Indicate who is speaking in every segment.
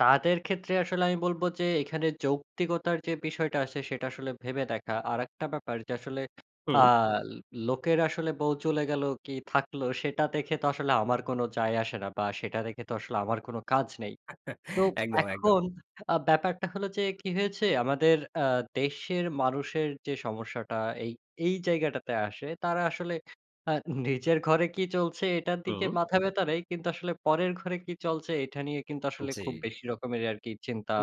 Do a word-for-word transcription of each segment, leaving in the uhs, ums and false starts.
Speaker 1: তাদের ক্ষেত্রে আসলে আমি বলব যে, এখানে যৌক্তিকতার যে বিষয়টা আছে সেটা আসলে ভেবে দেখা। আরেকটা ব্যাপার যে আসলে
Speaker 2: হুম।
Speaker 1: আল লোকের আসলে বউ চলে গেল কি থাকলো! সেটা দেখে তো আসলে আমার কোনো যায় আসে না বা সেটা দেখে তো আসলে আমার কোন কাজ নেই। তো
Speaker 2: একদম, একদম।
Speaker 1: এখন আ ব্যাপারটা হলো যে কি হয়েছে, আমাদের আ দেশের মানুষের যে সমস্যাটা এই এই জায়গাটাতে আসে। তারা আসলে আ নিজের ঘরে কি চলছে এটার দিকে
Speaker 2: হুম।
Speaker 1: মাথা ব্যাথা নেই কিন্তু আসলে পরের ঘরে কি চলছে এঠা নিয়ে কিন্তু আসলে খুব
Speaker 2: জ্বি।
Speaker 1: বেশি রকমের আরকি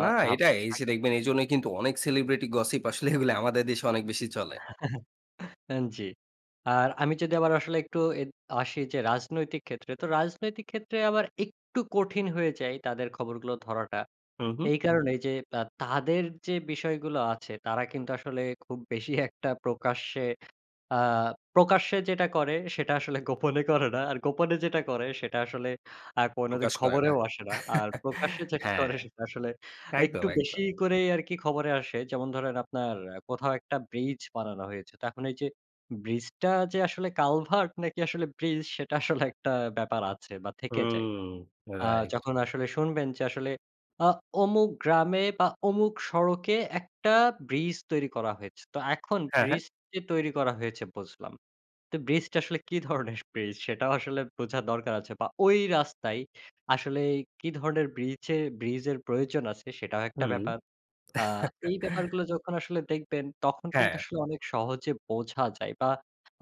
Speaker 2: না এটাই, এই
Speaker 1: থাকে।
Speaker 2: যে দেখবেন এইজন্যই কিন্তু অনেক সেলিব্রিটি গসিপ আসলে এগুলি আমাদের দেশে অনেক বেশি চলে।
Speaker 1: আন জ্বি, আর
Speaker 2: হু।
Speaker 1: আমি যদি আবার আসলে একটু এদ আসি যে রাজনৈতিক ক্ষেত্রে, তো রাজনৈতিক ক্ষেত্রে আবার একটু কঠিন হয়ে যায় তাদের খবরগুলো ধরাটা,
Speaker 2: হু, হু।
Speaker 1: এই কারণেই যে আ তাদের যে বিষয়গুলো আছে তারা কিন্তু আসলে খুব বেশি একটা প্রকাশ্যে আ প্রকাশ্যে যেটা করে সেটা আসলে গোপনে করে না আর গোপনে যেটা করে সেটা আসলে আ কোনদিন
Speaker 2: প্রকাশ করে না,
Speaker 1: খবরেও আসে না। আর প্রকাশ্যে যেটা
Speaker 2: হ্যাঁ,
Speaker 1: করে সেটা আসলে
Speaker 2: একদম,
Speaker 1: একটু বেশি
Speaker 2: একদম।
Speaker 1: করেই আরকি খবরে আসে। যেমন ধরেন, আপনার অ্যা কোথাও একটা ব্রিজ বানানো হয়েছে। তাখন এইযে, ব্রিজটা যে আসলে কালভার্ট নাকি আসলে ব্রিজ সেটা আসলে একটা ব্যাপার আছে বা থেকে যায়।
Speaker 2: হুম,
Speaker 1: আ
Speaker 2: রাইট।
Speaker 1: যখন আসলে শুনবেন যে আসলে আ অমুক গ্রামে বা অমুক সড়কে একটা ব্রিজ তৈরি করা হয়েছে। তো এখন
Speaker 2: হ্যাঁ, হ্যাঁ।
Speaker 1: ব্রিজ যে তৈরি করা হয়েছে বুঝলাম, তো ব্রিজটা আসলে কি ধরনের ব্রিজ! সেটাও আসলে বোঝা দরকার আছে। বা ওই রাস্তায় আসলেই কি ধরনের ব্রিচে ব্রিজের প্রয়োজন আছে? সেটাও একটা
Speaker 2: হুম।
Speaker 1: ব্যাপার। আ এই ব্যাপার গুলো যখন আসলে দেখবেন তখন কিন্তু
Speaker 2: হ্যাঁ।
Speaker 1: আসলে অনেক সহজে বোঝা যায়। বা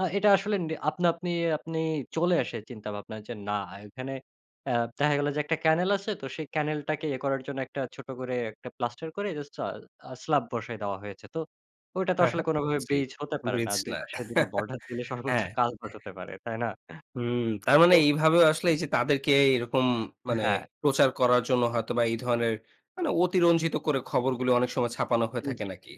Speaker 1: আ এটা আসলে নি আপনা আপনি আপনি চলে আসে চিন্তাভাবনা যে, না এখানে এ দেখা গেল যে একটা ক্যানেল আছে তো সেই ক্যানেলটাকে ইয়ে করার জন্য একটা ছোট করে একটা প্লাস্টার করে জাস্ট স্লা আ স্লাব বসায় দেওয়া হয়েছে, তো ওইটা তো
Speaker 2: হ্যাঁ,
Speaker 1: আসলে
Speaker 2: হ্যাঁ,
Speaker 1: কোনভাবে
Speaker 2: জ্বি,
Speaker 1: ব্রিজ হতে পারে না।
Speaker 2: ব্রিজ
Speaker 1: দুই
Speaker 2: না।
Speaker 1: পাশে দুই টা বর্ডার দিলে সর্বোচ্চ
Speaker 2: হ্যাঁ।
Speaker 1: কালভার্ট হতে পারে। তাই না?
Speaker 2: হুম তার মানে
Speaker 1: তো
Speaker 2: এইভাবেও আসলে যে তাদেরকে এরকম মানে
Speaker 1: হ্যাঁ।
Speaker 2: প্রচার করার জন্য হয়তো বা এই ধরনের মানে অতিরঞ্জিত করে খবরগুলো অনেক সময় ছাপানো হয়ে
Speaker 1: আন
Speaker 2: থাকে
Speaker 1: জ্বি।
Speaker 2: নাকি?